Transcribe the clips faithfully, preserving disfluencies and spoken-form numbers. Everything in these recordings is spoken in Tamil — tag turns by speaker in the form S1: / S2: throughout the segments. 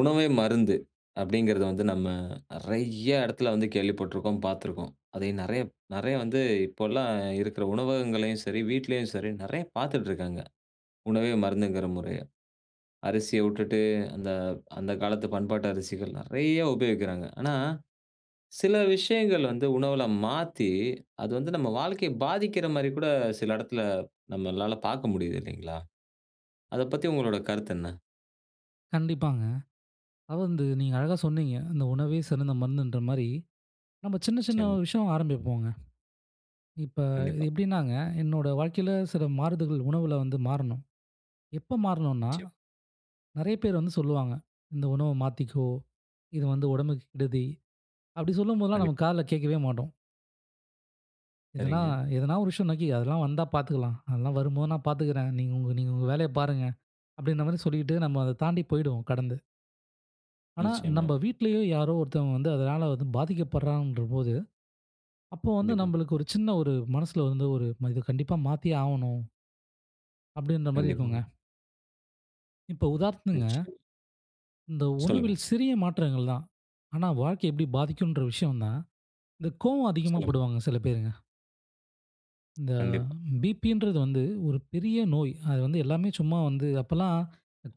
S1: உணவே மருந்து அப்டீங்கிறது வந்து, நம்ம நெறைய எடத்துல வந்து கேள்விப்பட்டிருக்கோம், பாத்துருக்கோம். அதையும் நெறைய நெறைய வந்து இப்போலாம் இருக்குற உணவகங்களையும் சரி, வீட்லயும் சரி, நெறைய பாத்துட்டுருக்காங்க, உணவே மருந்துங்குற முறைய. அரிசிய வுட்டுட்டு அந்த அந்த காலத்து பண்பாட்டு அரிசிகள் நெறைய உபயோகிக்கிறாங்க. ஆனா, சில விஷயங்கள் வந்து உணவுல மாத்தி, அது வந்து நம்ம வாழ்க்கைய பாதிக்கிற மாரி கூட சில எடத்துல நம்மளால பாக்க முடியுது இல்லைங்களா? அத பத்தி உங்களோட கருத்து என்ன?
S2: கண்டிப்பாங்க. அதாவது வந்து நீங்க அழகா சொன்னீங்க. அந்த உணவே சிறந்த மருந்துன்ற மாரி, நம்ம சின்ன சின்ன
S1: நிச்சயமா.
S2: ஒரு விஷயம் ஆரம்பிப்போங்க. இப்ப,
S1: கண்டிப்பா.
S2: எப்படினாங்க என்னோட வாழ்க்கையில சில மாறுதகள் உணவுல வந்து மாறணும். எப்ப மாறணும்னா,
S1: நிச்சயமா.
S2: நெறைய பேர் வந்து சொல்லுவாங்க, "இந்த உணவை மாத்திக்கோ. இது வந்து உடம்புக்கு கெடுதி" அப்படி சொல்லும்போதெல்லாம் நம்ம
S1: கண்டிப்பா.
S2: காதுல கேக்கவே மாட்டோம். எதனா
S1: சரிங்க.
S2: எதனா ஒரு விஷயம், "அன்னக்கி அதெல்லாம் வந்தா பாத்துக்கலாம். அதெல்லாம் வரும்போது நான் பாத்துக்குறேன். நீங்க உங்க நீங்க உங்க வேலைய பாருங்க" அப்டீன்ற மாரி சொல்லிட்டு நம்ம அத தாண்டி போய்டுவோம்! கடந்து. ஆனா நம்ப
S1: நிச்சயமா.
S2: வீட்லயோ! யாரோ! ஒருத்தவுங்க வந்து அதனால வந்து பாதிக்கப் பட்றாங்கன்றபோது, அப்போ வந்து
S1: கண்டிப்பா.
S2: நம்மளுக்கு ஒரு சின்ன ஒரு மனசுல வந்து ஒரு "நம்ம இத கண்டிப்பா மாத்தியே ஆவணும்". அப்டீன்றமாரி இருக்குங்க.
S1: கண்டிப்பாங்க.
S2: இப்போ உதார்த்துங்க
S1: நிச்சயமா.
S2: இந்த
S1: சொல்லுங்க.
S2: உணவில் சிறிய மாற்றங்கள் தான். ஆனா வாழ்க்கை எப்பிடி பாதிக்குன்ற விஷயம் தான். இந்த கோவம் அதிகமா
S1: சொல்லுங்க.
S2: படுவாங்க சில பேருங்க. இந்த
S1: கண்டிப்பா.
S2: பி.பி ன்றது வந்து ஒரு பெரிய நோய். அது வந்து எல்லாமே சும்மா வந்து அப்பலாம்,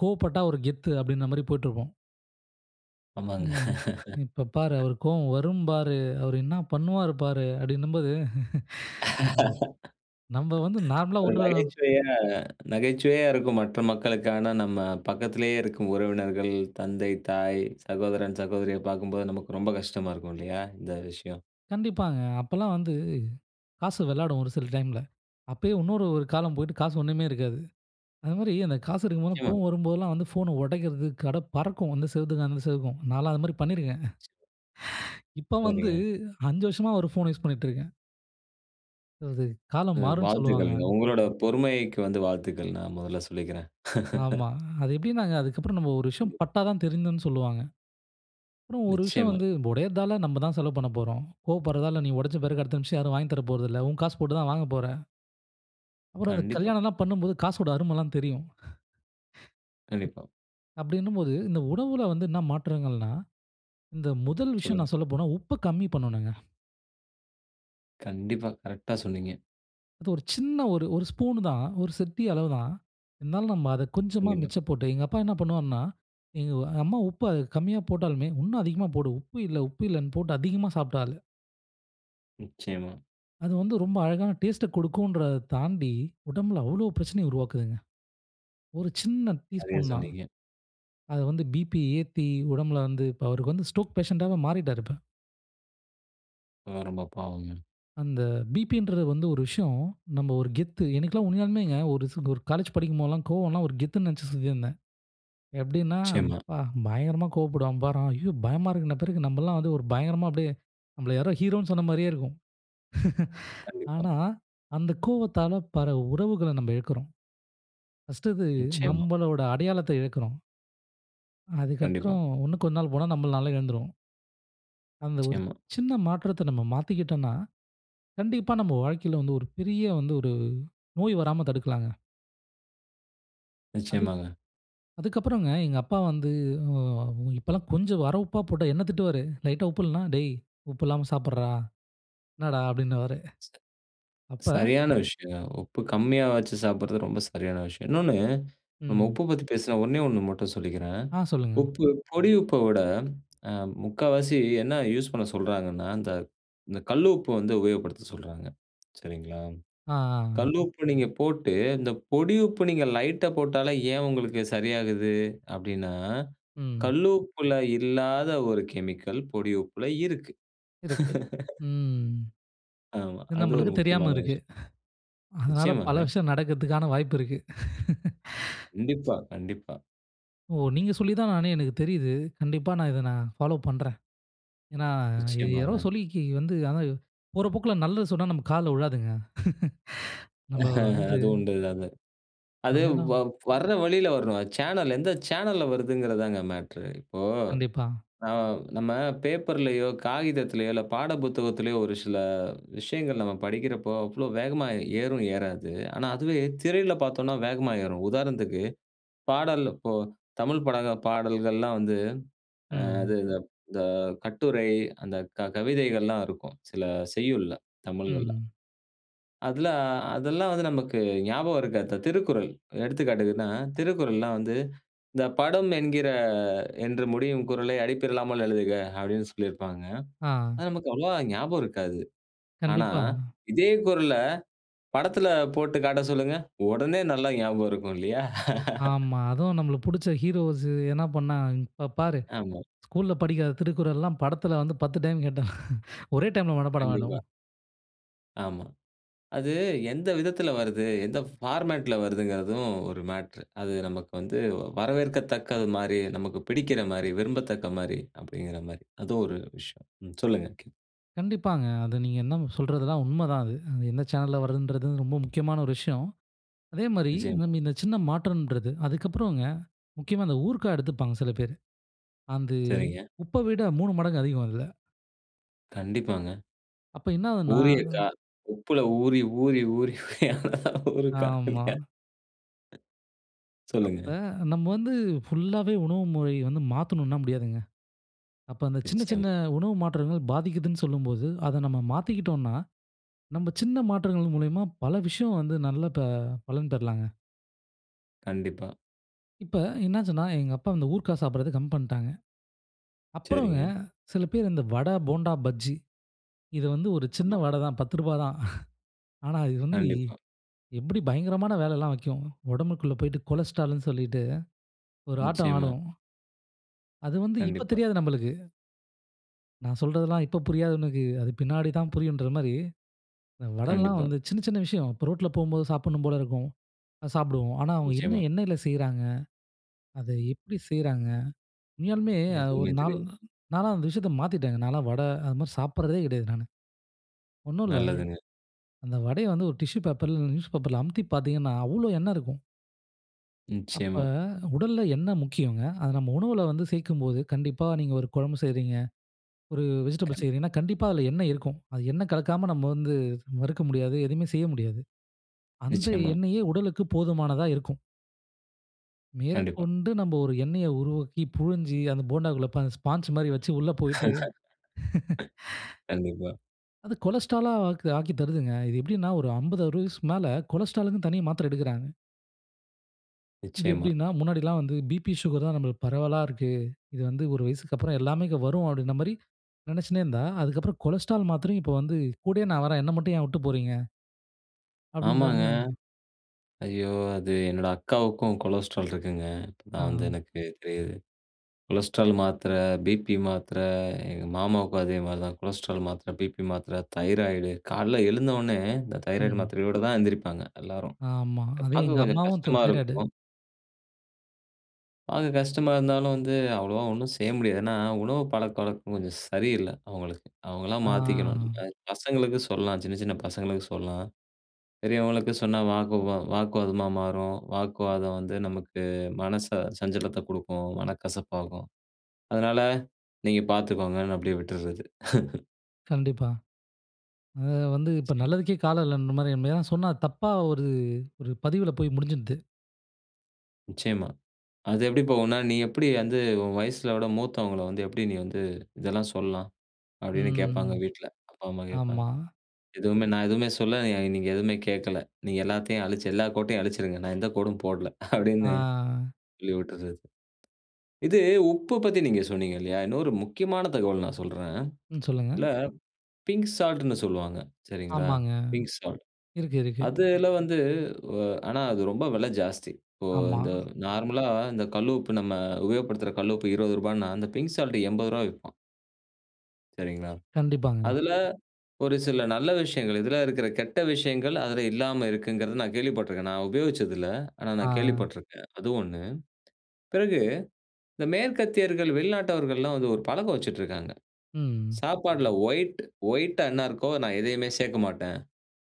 S2: "கோவப்பட்டா ஒரு கெத்து" அப்பிடீன்ற மாரி போயிட்டுருப்போம்.
S1: ஆமாங்க
S2: "ம், இப்ப பாரு, அவருக்கு கோவம் வரும் பாரு. அவர் என்னா பண்ணுவாரு பாரு" அப்பிடீன்னம்போது ம். நம்ம வந்து நார்மலா
S1: ஒரு
S2: விட்ற
S1: நகைச்சுவையா நகைச்சுவையா இருக்கும் மற்ற மக்களுக்கு. ஆனா நம்ம பக்கத்துலேயே இருக்கும் உறவினர்கள், தந்தை, தாய், சகோதரன், சகோதரிய பாக்கும்போது நமக்கு ரொம்ப கஷ்டமா இருக்கும் இல்லயா? இந்த விஷயம்.
S2: கண்டிப்பாங்க. அப்பல்லாம் வந்து காசு விளையாடும் ஒரு சில டைம்ல. அப்பயே இன்னொரு ஒரு காலம் போயிட்டு காசு ஒண்ணுமே இருக்காது. அது மாரி அந்த காசு இருக்கும்போதுலாம்
S1: நிச்சயமா.
S2: கோவம் வரும்போதெல்லாம் வந்து ஃபோன ஒடைக்கிறது, கடை பறக்கும் இந்த செவத்துக்கும், அந்த செவுக்கும் நான்லாம் அதுமாரி பண்ணிருக்கேன் இப்ப வந்து
S1: சரிங்க.
S2: அஞ்சு வருஷமா ஒரு ஃபோன யூஷ் பண்ணிட்டுருக்கேன். அதாவது,
S1: அ
S2: காலம் மாறும்னு சொல்லுவாங்க.
S1: வாழ்த்துக்கள்ங்க, உங்களோட பொறுமைக்கு வந்து வாழ்த்துக்கள், நான் முதல்ல சொல்லிக்கிறேன்.
S2: ஆமா. அது எப்படினாங்க, அதுக்கப்புறம் நம்ம ஒரு விஷயம்
S1: கண்டிப்பா.
S2: பட்டாதான் திருந்துனு சொல்வாங்க. அப்புறம் ஒரு விஷயம்
S1: நிச்சயமா.
S2: வந்து உடைறதால, நம்ம தான் செலவு பண்ணப்போறோம், கோவப்படுறதால நீ உடைச்ச பிறகு, அடுத்த நிமிஷம் யாரும் வாங்கித் தரப்போறதில்லை, உன் காசு போட்டு தான் வாங்கப் போற. அப்புறம் அந்த
S1: கண்டிப்பா.
S2: கல்யாணம்லாம் பண்ணும்போது காசோட அருமைலாம் தெரியும்.
S1: கண்டிப்பா.
S2: அப்படினும்போது, இந்த உணவில வந்து என்ன மாற்றங்கள்னா, இந்த முதல் விஷயம்
S1: சொல்லுங்க.
S2: நான் சொல்லப்போனா, உப்பை கம்மி பண்ணனுங்க.
S1: கண்டிப்பா, கரெக்ட்டா சொன்னீங்க.
S2: அது ஒரு சின்ன ஒரு ஒரு ஸ்பூன் தான், ஒரு சிட்டிக அளவு தான், இருந்தாலும் நம்ம அதை கொஞ்சமா
S1: கண்டிப்பா.
S2: மிச்சப் போட்டு, எங்க அப்பா என்ன பண்ணுவாருன்னா, எங்க அம்மா உப்பை கம்மியா போட்டாலுமே, இன்னும் அதிகமா போடு, உப்பு இல்லை உப்பு இல்லைனு போட்டு அதிகமா சாப்பிட்ட ஆளு.
S1: நிச்சயமா.
S2: அது வந்து ரொம்ப அழகான டேஸ்ட்டை குடுக்குன்றத தாண்டி, உடம்பில அவ்வளோ பிரச்சனைய உருவாக்குதுங்க. ஒரு சின்ன
S1: நிறைய
S2: டீஸ்பூன் தான்.
S1: சொன்னீங்க.
S2: அது வந்து பிபி ஏத்தி, உடம்பில வந்து அவருக்கு வந்து ஸ்ட்ரோக் பேஷன்ட் ஆவே மாறிட்டாரு இப்ப.
S1: ரொம்ப ரொம்ப, பாவங்க.
S2: அந்த பிபின்றது வந்து ஒரு விஷயம். நம்ம ஒரு கெத்து எனிக்கெல்லாம் உண்மையாலுமேங்க. ஒரு ஒரு காலேஜ் படிக்கும்போதெல்லாம் கோவம்லாம் ஒரு கெத்துனு நினைச்சு சுத்திந்தேன். எப்படினா
S1: நிச்சயமா.
S2: ப்பா! பயங்கரமா கோவப்படுவான் பாரு அவன். ஐயோ! பயமா இருக்குன்ன பிறருக்கு, நம்பல்லாம் வந்து ஒரு பயங்கரமா அப்படியே, நம்மள யாரோ ஹீரோனு சொன்ன மாரியே இருக்கும்.
S1: கண்டிப்பா.
S2: ஆனா, அந்த கோவத்தால, பற உறவுகளை நம்ம இழக்கிறோம். பர்ஸ்ட்டு இது,
S1: நிச்சயமா.
S2: நம்மளோட அடையாளத்தை இழக்கிறோம்.
S1: கண்டிப்பா.
S2: அதுக்கப்பறம், இன்னும் கொஞ்ச நாள் போனா, நம்மளால எழுந்துரும். அந்த ஒரு
S1: நிச்சயமா.
S2: சின்ன மாற்றத்த, நம்ம மாத்திகிட்டோனா, கண்டிப்பா நம்ம வாழ்க்கையில வந்து, ஒரு பெரிய வந்து, ஒரு நோய் வராம தடுக்கலாங்க! அது.
S1: நிச்சயமாங்க.
S2: அதுக்கப்புறங்க, எங்க அப்பா வந்து, அ உ இப்பலா கொஞ்ச வர உப்பா போட்டா, என்ன திட்டுவாரு. லைட்டா உப்பு இல்லனா, "டேய் உப்பு இல்லாம சாப்பிட்றா. என்னடா?" அப்படின்னவாரு. அப்ப.
S1: சரியான விஷயங்க. உப்பு கம்மியா வச்சு சாப்பிட்றது, ரொம்ப சரியான விஷயம்! இன்னொன்னு, நம்ம
S2: ம்.
S1: உப்ப பத்தி பேசின, ஒண்ணே ஒண்ணு மட்டும் சொல்லிக்கிறேன்.
S2: அ, சொல்லுங்க.
S1: உப்பு, பொடி உப்ப விட, அ, முக்காவாசி என்ன யூஸ் பண்ண சொல்றாங்கனா, அந்த இந்த கல்லு உப்பு வந்து உபயோகப்படுத்த சொல்றாங்க, சரிங்களா?
S2: அ, அ.
S1: கல் உப்ப நீங்க போட்டு, இந்த பொடி உப்ப நீங்க லைட்டா போட்டாலே, ஏன் உங்களுக்கு சரியாகுது. அப்படினா,
S2: ம்.
S1: கல்லு உப்புல இல்லாத ஒரு கெமிக்கல், பொடி உப்புல இருக்கு!
S2: இருக்கு. ம்.
S1: ஆமா.
S2: இது
S1: அது ஒரு
S2: நம்மளுக்கு தெரியாம
S1: முக்கியமான விஷ
S2: இருக்கு. அதனால, பல
S1: நிச்சயமாங்க.
S2: விஷயம் நடக்கிறதுக்கான, வாய்ப்பு இருக்கு.
S1: கண்டிப்பா. கண்டிப்பா.
S2: ஓ! நீங்க சொல்லிதா நானே, எனக்கு தெரியுது. கண்டிப்பா, நான் இத நா ஃபாலோ பண்றேன். ஏனா, இது யாரோ
S1: நிச்சயமாங்க.
S2: சொல்லி கி வந்து, ஆனா, போற போக்குல நல்லது சொன்னா நம்ம காதுல விழாதுங்க.. நம்ம வந்து,
S1: அது உண்டு அது. அது
S2: அங்கனா
S1: வ வர்ற வழில வரணும். சேனல், எந்த சேனல்ல வருதுங்கிறது தாங்க மேட்டரு. இப்போ,
S2: கண்டிப்பா.
S1: ந நம்ம பேப்பர்லயோ, காகிதத்திலேயோ, இல்ல பாட புத்தகத்திலேயோ ஒரு சில விஷயங்கள் நம்ம படிக்கிறப்போ, அவ்ளோ வேகமா ஏறும், ஏறாது. ஆனா, அதுவே திரையில பார்த்தோனா, வேகமா ஏறும். உதாரணத்துக்கு பாடல் இப்போ, தமிழ் பட பாடல்கள்லா வந்து, அ
S2: ம்.
S1: அது இது இந்த கட்டுரை, அந்த க கவிதைகள்லாம் இருக்கும். சில செய்யுள்ல, தமிழ்கள்ல.
S2: ம்.
S1: அதுலா. அதெல்லாம் வந்து நமக்கு ஞாபகம் இருக்காது. த 'திருக்குறள்.' எடுத்துக்காட்டுக்குன்னா திருக்குறள்லா வந்து, இந்த படம் என்கிற, என்று முடியும் குறளை அடிப்பிறலாமல் எழுதுக. அப்படீன்னு சொல்லிருப்பாங்க.
S2: அ.
S1: அது நமக்கு அவ்வளவா ஞாபகம் இருக்காது. ஆனா,
S2: கண்டிப்பா.
S1: இதே குறள படத்துல போட்டு காட்ட சொல்லுங்க, உடனே நல்லா ஞாபகம் இருக்கும், இல்லையா?
S2: ஆமா. அதுவும் நம்ளுக்கு புடிச்ச ஹீரோஸ் எதுனா பண்ணா, இப்ப பாரு,
S1: ஆமா.
S2: ஸ்கூல்ல படிக்காத திருக்குறள்லாம், படத்தில வந்து பத்து டைம் கேட்டா. ஒரே டைம்ல மனப்பாடமாயிடும்.
S1: கண்டிப்பா. ஆமா. அது எந்த விதத்துல வருது? எந்த ஃபார்மேட்ல வருதுங்கிறதும் ஒரு மேட்ரு. அது நமக்கு வந்து, வரவேற்கத்தக்கது மாரி, நமக்கு பிடிக்கிற மாரி, விரும்பத்தக்க மாரி அப்படிங்கிற மாரி. அதுவும் ஒரு விஷயம். ம். சொல்லுங்க. கே
S2: கண்டிப்பாங்க. அதை நீங்க என்ன சொல்றதெல்லாம் உண்மை தான் அது. அது எந்த சேனல்ல வர்ரதுன்றது ரொம்ப முக்கியமான ஒரு விஷயம். அதே மாரி
S1: நிச்சயமா.
S2: இன்னும் இந்த சின்ன மாற்றன்றது அதுக்கப்றம்ங்க முக்கியமா அந்த ஊர்க்கா எடுத்துப்பாங்க சில பேரு. அந்து
S1: சரிங்க.
S2: உப்ப விட மூணு மடங்கு அதிகம் அதுல.
S1: கண்டிப்பாங்க.
S2: அப்ப என்ன ஆவுதுன்னா ம்.
S1: ஊரியிருக்கா? உப்பில ஊறி ஊறி ஊறி அதான் ஊறுக்கா.
S2: ஆமா.
S1: சொல்லுங்க.
S2: அப்ப நம்ம வந்து ஃபுல்லாவே உணவு முறை வந்து மாத்தணுன்னா முடியாதுங்க. அப்ப அந்த சின்ன சின்ன
S1: நிச்சயமா.
S2: உணவு மாற்றங்கள் பாதிக்கிதுன்னு சொல்லும்போது, அத நம்ம மாத்திக்கிட்டோன்னா, நம்ப சின்ன மாற்றங்கள் மூலியமா பல விஷயம் வந்து நல்ல ப பலன் பெறலாங்க.
S1: கண்டிப்பா.
S2: இப்ப, என்ன ஆச்சுன்னா, எங்க அப்பா வந்து ஊர்காய் சாப்படுறத கம்மி பண்ட்டாங்க. அப்புறங்க
S1: சரிங்க.
S2: சில பேர் இந்த வடை, போண்டா, பஜ்ஜி இத வந்து ஒரு சின்ன
S1: ஆமா.
S2: வடை தான் பத்து ரூபா தான். ஆனா இது வந்து,
S1: கண்டிப்பா.
S2: எப்புடி பயங்கரமான வேலல்லாம் வைக்கும். உடம்புக்குள்ள போய்ட்டு கொலஸ்டரால்ன்னு சொல்லிட்டு ஒரு ஆட்டம்
S1: நிச்சயமா.
S2: ஆடும். அது வந்து இப்ப
S1: கண்டிப்பா.
S2: தெரியாது நம்மளுக்கு. நான் சொல்றதெல்லாம் இப்ப புரியாது உனக்கு. அது பின்னாடிதான் புரியுன்ற மாரி. அ, வட எல்லாம்
S1: கண்டிப்பா.
S2: வந்து சின்ன, சின்ன விஷயம். இப்போ ரோட்ல போம்போது சாப்புட்ணும் போல இருக்கும். அ சாப்டுவோம். ஆனா, அவுங்க என்ன
S1: நிச்சயமா.
S2: எண்ணெய்யில செய்றாங்க. அத எப்பிடி செய்றாங்க. உண்மையாலுமே அது
S1: எதுவுமே
S2: ஒரு நாள்
S1: தெரியாது.
S2: நான்லாம் அந்த விஷயத்த மாத்திட்டேங்க. நான்லாம் வட அதுமாரி சாப்புட்றதே கிடையாது நானு. ஒன்னும் இல்ல.
S1: நல்லதுங்க.
S2: அந்த வடைய வந்து ஒரு டிஷ்யூ பேப்பர் ல இல்ல நியூஸ் பேப்பர்ல் அமுத்தி பார்த்தீங்கன்னா, அவ்ளோ எண்ணெ இருக்கும். அப்ப,
S1: நிச்சயமா.
S2: உடல்ல எண்ணெய் முக்கியங்க. அத நம்ம உணவுல வந்து சேர்க்கும்போது. கண்டிப்பா நீங்க ஒரு குழம்பு செய்றீங்க. ஒரு வெஜிடபிள்ஸ்
S1: கண்
S2: செய்றீங்கன்னா, கண்டிப்பா அதுல எண்ணெய் இருக்கும். அது எண்ணெ கலக்காம நம்ம வந்து மறுக்க முடியாது, எதுவுமே செய்ய முடியாது. அந்த
S1: நிச்சயமா.
S2: எண்ணெயே உடலுக்கு போதுமானதா இருக்கும்.
S1: கண்டிப்பா.
S2: மேற்கொண்டு நம்ம ஒரு எண்ணெய உருவாக்கி, புழிஞ்சி அந்த போண்டாக்குள்ள [unintelligible] ஸ்பான்ஜ் மாரி வச்சு உள்ள போயிட்டு,
S1: கண்டிப்பா.
S2: அது கொலஸ்டரால் லா ஆக்கு ஆக்கித் தருதுங்க. இது எப்பிடின்னா ஒரு ஐம்பது அறுவது வயசு மேல கொலஸ்டரால் க்குன்னு தனியா மாத்திரை எடுக்குறாங்க. இது
S1: நிச்சயமா.
S2: எப்பிடின்னா, முன்னாடி எல்லாம் வந்து P P, Sugar தான் நம்மளுக்கு பரவலா இருக்கு. இது வந்து ஒரு வயசுக்கு அப்புறம்
S1: கண்டிப்பா.
S2: எல்லாமே வரும் அப்பிடின்னமாரி நினச்சுனே இருந்தா, அதற்கு அப்புறம் கொலஸ்டரால் மாத்திரையும் இப்ப வந்து கூடயே நான் வர்றேன். என்ன மட்டும் ஏன் உட்டு போறீங்க. அப்பிடின்ற
S1: ஆமாங்க.
S2: மா
S1: ஐயோ! அது என்னோட அக்காவுக்கும் கொலஸ்ட்ரால் இருக்குங்க. நான் வந்து
S2: ஆ.
S1: எனக்கு [unintelligible] கொலஸ்ட்ரால் மாத்ர P P மாத்ர எங்க மாமாவுக்கும் அதேமாரி தான். கொலஸ்ட்ரால் மாத்ர, P மாத்ர தைராய்டு கால்ல எழுந்த உடனே இந்த தைராய்டு
S2: ம்.
S1: மாத்திரையோட தான் எழுந்திரிப்பாங்க, எல்லாரும்.
S2: ஆமா. அதையும் எங்க
S1: பார்க்க கொஞ்சம்
S2: அம்மாவும் த
S1: கஷ்டமா
S2: தைராய்டு.
S1: இருக்கும். அது கஷ்டமா இருந்தாலும் வந்து, அவ்ளோவா ஒண்ணும் செய்ய முடியாது. ஏனா, உணவு பழக்கவழக்கம் கொஞ்சம் சரியில்ல, அவங்களுக்கு. அவங்களா மாத்திக்கணும். அ.
S2: ஆ.
S1: பசங்களுக்கு சொல்லலாம். சின்ன, சின்ன பசங்களுக்கு சொல்லலாம். பெரியவங்களுக்கு சொன்னா வாக்கு வா வாக்குவாதமா மாறும். வாக்குவாதம் வந்து நமக்கு மனச சஞ்சலத்த குடுக்கும், மனக்கசப்பாகும். அதனால நீங்க பார்த்துக்கோங்கன்னு அப்டியே விட்டுர்றது.
S2: கண்டிப்பா. அது வந்து, இப்ப
S1: நிச்சயமாங்க.
S2: நல்லதுக்கே காலம் இல்லன்ற மாரி. ஏதனா, சொன்னா தப்பா ஒரு, ஒரு பதிவுல போய் முடிஞ்சிருது.
S1: நிச்சயமா. அது எப்படி போகுன்னா, "நீ எப்டி வந்து உன் வயசுல விட மூத்தவங்கள வந்து எப்படி நீ வந்து இதெல்லாம் சொல்லலாம்", அப்டின்னு கேட்பாங்க,
S2: ம்.
S1: வீட்ல. அப்பா, அம்மா கேட்பாங்க.
S2: ஆமா.
S1: எதுவுமே நான் எதுவுமே சொல்லலா, நீங்க எதுவுமே கேட்கல. நீங்க எல்லாத்தையும் அழிச்சு, எல்லா கோட்டையும் அழிச்சிடுங்க. நான் எந்த கோடும் போடல அப்டின்னு
S2: ஆ.
S1: சொல்லி விட்டுறது. இது உப்பு பத்தி நீங்க சொன்னீங்க இல்லையா. இன்னொரு முக்கியமான தகவல் நான் சொல்றேன்.
S2: ம். சொல்லுங்க.
S1: இதுல பிங்க் சால்ட்ன்னு சொல்வாங்க. சரிங்களா.
S2: ஆமாங்க.
S1: Pink salt.
S2: இருக்கு, இருக்கு.
S1: அதுல வந்து. அ. ஆனா, அது ரொம்ப விலை ஜாஸ்தி. இப்போ
S2: ஆமா.
S1: இந்த நார்மல்லா இந்த கல்லு உப்பு நம்ம உபயோகப்படுத்துற கல்லு உப்பு இருவது ரூபானா, அந்த பிங்க் சால்ட் எம்பது ரூபா விப்பான். சரிங்களா?
S2: கண்டிப்பாங்க.
S1: அதுல ஒரு சில நல்ல விஷயங்கள் எதிரா இருக்குற கெட்ட விஷயங்கள் அதுல இல்லாம இருக்குங்கறத நான் கேள்விப்பட்டுருக்கேன். நான் உபயோகிச்சது இல்ல, ஆனா நான்
S2: அ.
S1: கேள்விப்பட்டுருக்கேன் அது ஒண்ணு பிறகு இந்த மேற்கத்தியர்கள், வெளிநாட்டவர்கள்லாம் வந்து ஒரு பழக்கம் வச்சுட்டுருக்காங்க.
S2: ம்.
S1: சாப்பாட்ல ஒயிட் ஒயிட்டா என்ன இருக்கோ நான் எதையுமே சேக்க மாட்டேன்.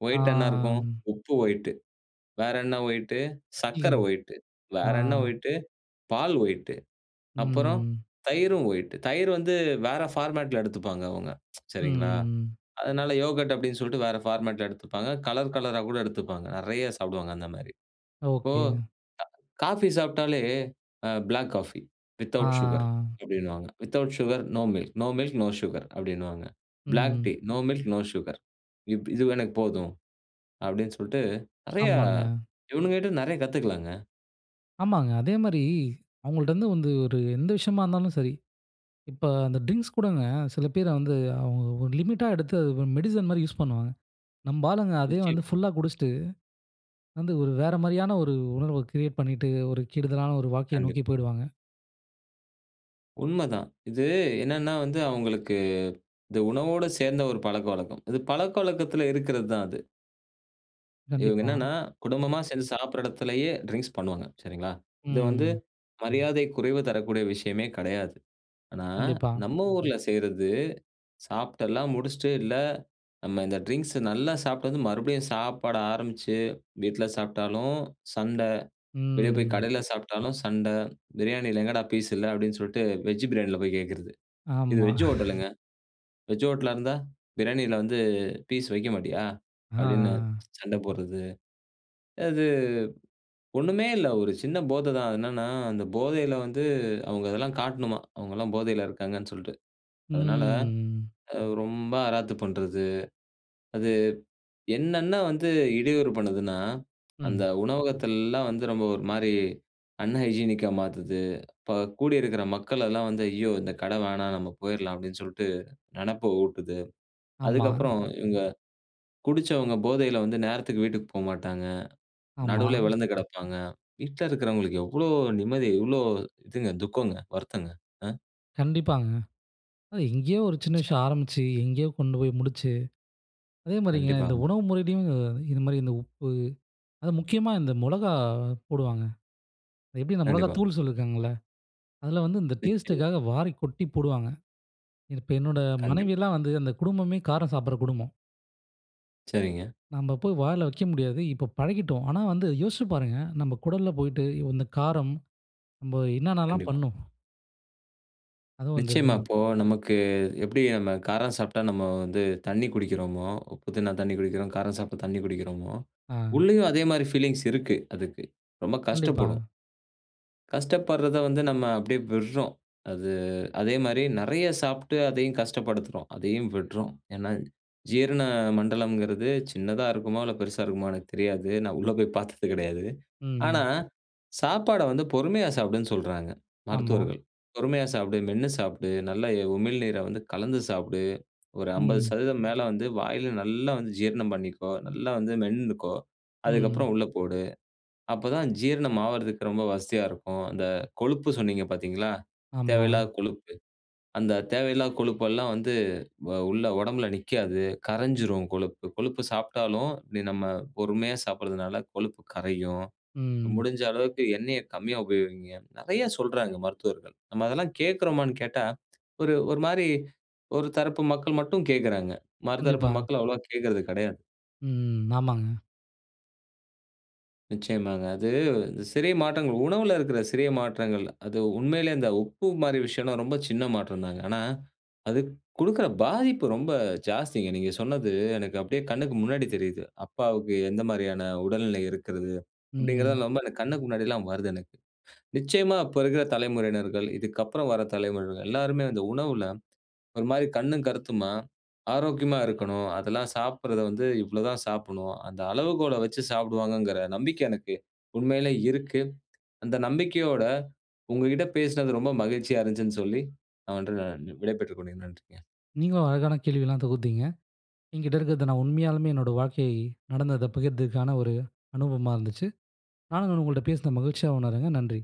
S1: ஒயிட் என்ன இருக்கும்?
S2: ஆம்.
S1: உப்பு ஒயிட்டு. வேற என்ன ஒயிட்டு? சக்கர
S2: இல்லங்க.
S1: ஒயிட்டு. வேற என்ன
S2: அ.
S1: ஒயிட்டு? பால் ஒயிட்டு. அப்பறம்
S2: ம்.
S1: தயிரும் ஒயிட். தயிர் வந்து வேற ஃபார்மட்ல எடுத்துப்பாங்க அவங்க. சரிங்களா,
S2: ம்.
S1: அதனால யோகர்ட் அப்படின்னு சொல்லிட்டு வேற ஃபார்மட்ல எடுத்துப்பாங்க. கலர், கலரா கூட எடுத்துப்பாங்க. நெறைய சாப்டுவாங்க அந்த மாதிரி. இப்போ
S2: ஒகேங்க.
S1: காஃபி சாப்டாலே, அ ப்ளாக் காஃபி வித்தவுட் சுகர்
S2: ஆ.
S1: அப்டின்னுவாங்க. Without sugar, no milk, no milk, no sugar அப்டின்னுவாங்க. ப்ளாக்
S2: ம்.
S1: Tea, no milk, no sugar. இப்படி இது எனக்கு போதும். அப்படின்னு சொல்ட்டு, நிறையா
S2: ஆமாங்க.
S1: இவனுங்க கிட்ட நிறையா கத்துக்கலாங்க!
S2: ஆமாங்க. அதே மாரி, அவங்கள்ட இருந்து வந்து ஒரு எந்த விஷயமா இருந்தாலும் சரி. இப்ப அந்த டிரிங்க்ஸ் கூடங்க, சில பேர வந்து அவு லிமிட்டா எடுத்து மெடிசின் மாரி யூஸ் பண்ணுவாங்க. நம்ப ஆளுங்க அதே வந்து
S1: நிச்சயமா.
S2: ஃபுல்லா குடிச்சுட்டு, வந்து ஒரு வேற மாரியான ஒரு உணர்வ கிரியேட் பண்ணிட்டு ஒரு கெடுதலான ஒரு வாழக்கைய நோக்கி
S1: கண்டிப்பா.
S2: போயிடுவாங்க.
S1: உண்மதான். இது என்னன்னா வந்து அவங்களுக்கு, இந்த உணவோட சேர்ந்த ஒரு பழக்க வழக்கம். இது பழக்கவழக்கத்துல இருக்கிறது தான் அது. இவங்க
S2: கண்டிப்பா.
S1: என்னன்னா குடும்பமா சேர்ந்து சாப்ட்ற இடத்திலேயே ட்ரிங்க்ஸ் பண்ணுவாங்க, சரிங்களா. இது வந்து
S2: ம்.
S1: மரியாதை குறைவு தரக்கூடிய விஷயமே கடையாது. ஆனா,
S2: கண்டிப்பா.
S1: நம்ம ஊர்ல செய்றது, சாப்ட்டெல்லாம் முடிச்சுட்டு இல்ல நம்ம இந்த ட்ரிங்க்ஸ் நல்லா சாப்ட்டு வந்து, மறுபடியும் சாப்பாடு ஆரம்பிச்சு வீட்ல சாப்ட்டாலும் சண்ட, வெளியே போய்
S2: ம்.
S1: கடையில சாப்ட்டாலும் சண்ட, பிரியாணியில எங்கடா பீஸ் இல்ல அப்டின்னு சொல்ட்டு வெஜ் பிரியாணியில போய் கேட்கறது. இது
S2: ஆமா
S1: வெஜ் ஹோட்டலுங்க. வெஜ் ஹோட்டலா இருந்தா பிரியாணியில வந்து பீஸ் வைக்க மாட்டியா? அப்டின்னு
S2: ஆ.
S1: சண்ட போட்றது. அது, ஒண்ணுமே இல்ல. ஒரு சின்ன போத தான். அது என்னன்னா, அந்த போதையில வந்து அவங்க அதெல்லாம் காட்டணுமா. அவங்கலாம் போதையில இருக்காங்கன்னு சொல்ட்டு அதனால,
S2: ம்
S1: அ. ரொம்ப அராத்து பண்றது. அது, என்னன்ன வந்து இடையூறு பண்ணுதுன்னா. அந்த
S2: ம்.
S1: உணவகத்தலாம் வந்து ரொம்ப ஒரு மாரி அன்ஹைஜீனிக்கா மாத்துது. இப்ப கூடி இருக்கிற மக்கள் எல்லாம் வந்து ஐயோ இந்த கட வேணாம், நம்ம போயிறலாம் அப்டின்னு சொல்ட்டு, நெனப்ப ஊட்டுது.
S2: ஆமா.
S1: அதுக்கப்புறம் இவங்க, குடிச்சவங்க போதையில வந்து நேரத்துக்கு வீட்டுக்கு போமாட்டாங்க.
S2: ஆமா.
S1: நடுவுலேயே விழுந்து கிடப்பாங்க. வீட்ல இருக்கிறவங்களுக்கு எவ்ளோ நிம்மதி, எவ்ளோ இதுங்க துக்கங்க, வருத்தங்க. அ.
S2: கண்டிப்பாங்க. அது எங்கேயோ ஒரு சின்ன
S1: சரி.
S2: விஷயம் ஆரம்பிச்சு, எங்கேயோ கொண்டு போய் முடிச்சு. அதேமாரிங்க இந்த
S1: கண்டிப்பாங்க.
S2: உணவு முறையிலும் இது மாரி, இந்த உப்பு அது முக்கியமா இந்த முளகாய் போடுவாங்க. எப்டி இந்த முளகாய்
S1: கண்டிப்பா.
S2: தூள் சொல்லியிருக்காங்கள்ல. அதுல வந்து இந்த
S1: நிச்சயமா.
S2: டேஸ்ட்க்காக வாரி கொட்டி போடுவாங்க. இது, இப்ப என்னோட
S1: கண்டிப்பா.
S2: மனைவில்லாம் வந்து அந்த குடும்பமே காரம் சாப்பட்ற குடும்பம்.
S1: சரிங்க.
S2: நம்ப போய் வாயில வைக்க முடியாது. இப்ப பழகிட்டோம். ஆனா, வந்து யோசிச்சு பாருங்க. நம்ம குடல்ல போய்ட்டு இந்த காரம். நம்ம என்னன்னலாம்
S1: கண்டிப்பா.
S2: பண்ணும்? அதுவும் வந்து.
S1: நிச்சயமா. இப்போ நமக்கு எப்டி நம்ம காரம் சாப்ட்டா நம்ம வந்து தண்ணீ குடிக்கிறோமோ, உப்பு திண்ணா தண்ணீர் குடிக்கிறோம், காரம் சாப்ட்டா தண்ணீர் குடிக்கிறோமோ,
S2: ஆ.
S1: உள்ளேயும் அதே மாரி ஃபீலிங்ஸ் இருக்கு, அதுக்கு. ரொம்ப
S2: கண்டிப்பா.
S1: கஷ்டப்படும். கஷ்டப்பட்றத வந்து நம்ம அப்டியே விட்றோம். அது அதே மாரி நிறைய சாப்ட்டு அதையும் கஷ்டப்படுத்துறோம். அதையும் விட்றோம். ஏனா ஜீரண மண்டலம்ங்குறது, சின்னதா இருக்குமோ இல்ல பெருசா இருக்குமோ எனக்கு தெரியாது. நான் உள்ள போய் பார்த்தது கிடையாது. ஆனா,
S2: ம்.
S1: சாப்பாட வந்து பொறுமையா சாப்டுன்னு சொல்றாங்க
S2: ஆமா.
S1: மருத்துவர்கள். பொறுமையா சாப்டு, மென்னு சாப்டு, நல்ல உமிழ்நீரை வந்து கலந்து சாப்டு. ஒரு அம்பது
S2: ம்.
S1: சதவீதம் மேல வந்து வாயில நல்லா வந்து ஜீரணம் பண்ணிக்கோ. நல்லா வந்து மென்னுக்கோ,
S2: ம்.
S1: அதுக்கப்புறம் உள்ள போடு. அப்போ தான் ஜீரணம் ஆவரதுக்கு ரொம்ப வசதியா இருக்கும். அந்த கொழுப்பு சொன்னீங்க பார்த்தீங்களா,
S2: ஆமா.
S1: தேவையில்லாத கொழுப்பு. அந்த தேவையில்லாத கொழுப்பு எல்லாம் வந்து அ உள்ள உடம்புல நிக்காது. கரைஞ்சிரும் கொழுப்பு. கொழுப்பு சாப்ட்டாலும் நம்ம பொறுமையா சாப்பட்றதுனால் கொழுப்பு கரையும்.
S2: ம்.
S1: முடிஞ்ச அளவுக்கு எண்ணெயக் கம்மியா உபயோகியுங்க. நிறைய சொல்றாங்க, மருத்துவர்கள். நம்ம அதெல்லாம் கேட்கறோமான்னு கேட்டா, ஒரு ஒரு மாரி ஒரு தரப்பு மக்கள் மட்டும் கேட்கறாங்க. மர தரப்பு
S2: கண்டிப்பா.
S1: மக்கள் அவ்வளவா கேட்கறது கிடையாது.
S2: ம், ஆமாங்க.
S1: நிச்சயமாங்க. அது சிறிய மாற்றங்கள் உணவுல இருக்கிற சிறிய மாற்றங்கள். அது உண்மையிலேயே அந்த உப்பு மாரி விஷயம் எல்லாம் ரொம்ப சின்ன மாற்றம் தாங்க. ஆனா, அது குடுக்கிற பாதிப்பு ரொம்ப ஜாஸ்திங்க. நீங்க சொன்னது எனக்கு அப்டியே கண்ணுக்கு முன்னாடி தெரியது. "அப்பாவுக்கு எந்த மாரியான உடல்நிலை இருக்கிறது."
S2: ம்.
S1: அப்டிங்கிறது ரொம்ப கண்ணுக்கு முன்னாடி எல்லாம் வருது எனக்கு. நிச்சயமா, அப்போ இருக்கிற தலைமுறையினர்கள், இதுக்கு அப்புறம் வர தலைமுறைகள் எல்லாருமே அந்த உணவுல, ஒரு மாரி கண்ணும் கருத்துமா, ஆரோக்கியமா இருக்கணும். அதெல்லாம் சாப்பட்றத வந்து இவ்ளோ தான் சாப்டணும். அந்த அளவுகோல வச்சி சாப்டுவாங்கங்கிற நம்பிக்கை எனக்கு உண்மையிலேயே இருக்கு. அந்த நம்பிக்கையோட உங்ககிட்ட பேசுனது ரொம்ப மகிழ்ச்சியா இருந்துச்சுனு சொல்லி நான் வந்து விடை பெற்றுக் கொள்கிறேன். நன்றிங்க.
S2: நீங்களும் அழகான கேள்வி எல்லாம் தொகுத்தீங்க. என்கிட்ட இருக்கிறத நான் உண்மையாலுமே என்னுடைய வாழ்க்கை நடந்தத பகிர்தற்கான ஒரு அனுபவமா இருந்துச்சு. நானும் உங்கள்ட்ட பேசுன மகிழ்ச்சியா உணர்றங்க. நன்றி.